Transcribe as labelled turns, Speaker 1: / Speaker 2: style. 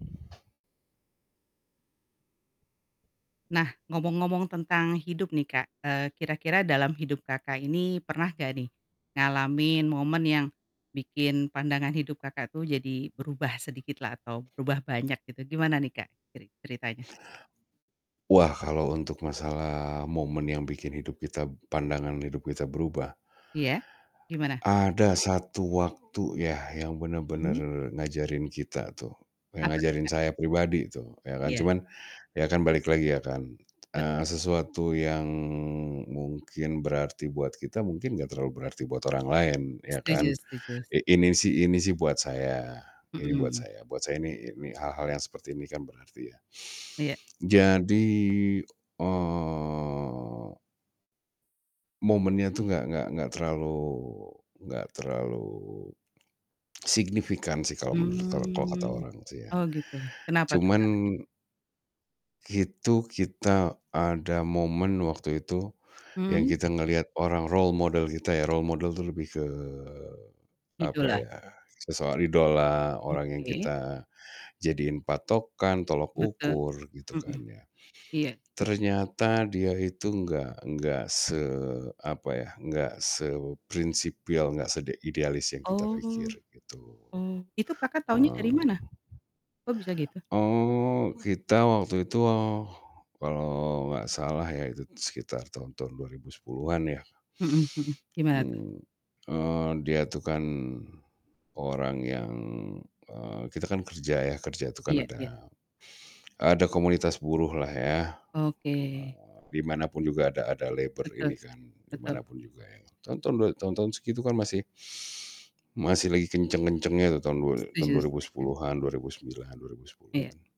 Speaker 1: Nah, ngomong-ngomong tentang hidup nih Kak, eee, kira-kira dalam hidup Kakak ini pernah gak nih, ngalamin momen yang bikin pandangan hidup Kakak tuh jadi berubah sedikit lah atau berubah banyak gitu, gimana nih Kak, ceri ceritanya?
Speaker 2: Wah kalau untuk masalah momen yang bikin hidup kita pandangan hidup kita berubah
Speaker 1: Iya, gimana?
Speaker 2: ada satu waktu ya yang benar-benar
Speaker 1: Mhm.
Speaker 2: ngajarin kita tuh. Yang
Speaker 1: Apa tuh,
Speaker 2: ngajarin
Speaker 1: Kak?
Speaker 2: saya pribadi tuh ya kan.
Speaker 1: Iya.
Speaker 2: Cuman, ya kan balik lagi ya kan. Eee,
Speaker 1: Betul.
Speaker 2: sesuatu yang mungkin berarti buat kita, mungkin nggak terlalu berarti buat orang lain, ya
Speaker 1: Setuju
Speaker 2: kan.
Speaker 1: setuju s
Speaker 2: I ini sih ini sih buat saya. Ini buat
Speaker 1: Mhm.
Speaker 2: saya, buat saya ini hal-hal yang seperti ini kan berarti ya.
Speaker 1: Iya.
Speaker 2: Jadi eee
Speaker 1: Apa
Speaker 2: momennya
Speaker 1: tuh?
Speaker 2: tuh gak gak gak terlalu gak terlalu signifikan sih kalau menurut kalau kalau kata
Speaker 1: Hmm.
Speaker 2: orang sih ya.
Speaker 1: Oh gitu, kenapa tuh, Kak?
Speaker 2: Cuman itu kita ada momen waktu itu, yang
Speaker 1: Mhm?
Speaker 2: kita ngelihat orang role model kita ya. Role model itu lebih ke apa
Speaker 1: Idola.
Speaker 2: ya, sosok idola, orang yang
Speaker 1: Oke.
Speaker 2: kita jadiin patokan, tolak
Speaker 1: Betul,
Speaker 2: ukur, gitu
Speaker 1: mhm,
Speaker 2: kan ya.
Speaker 1: iya sih.
Speaker 2: Ternyata dia itu gak gak se apa ya, gak seprinsipil, gak sede idealis yang kita pikir.
Speaker 1: Oh,
Speaker 2: Gitu,
Speaker 1: oh, itu Kakak taunya dari
Speaker 2: eee,
Speaker 1: mana? Kok bisa gitu?
Speaker 2: eee, kita waktu itu, eee, kalau gak salah ya, itu sekitar tahun-tahun 2010-an ya.
Speaker 1: Mhm mhm. Gimana tuh?
Speaker 2: Mmm, eee, dia itu kan orang yang eee, kita kan kerja ya. Kerja tuh kan
Speaker 1: Iya iya.
Speaker 2: ada ada komunitas buruh lah ya.
Speaker 1: Oke.
Speaker 2: Eee, di manapun juga ada ada labor
Speaker 1: Betul,
Speaker 2: ini kan, di
Speaker 1: betul.
Speaker 2: manapun juga ya. Tahun-tahun dua tahun-tahun segitu kan masih masih lagi kenceng-kencengnya tuh tahun dua ri tahun
Speaker 1: Setuju
Speaker 2: dua ribu
Speaker 1: setuju.
Speaker 2: sepuluhan, 2009, dua ribu
Speaker 1: Iya.
Speaker 2: sepuluhan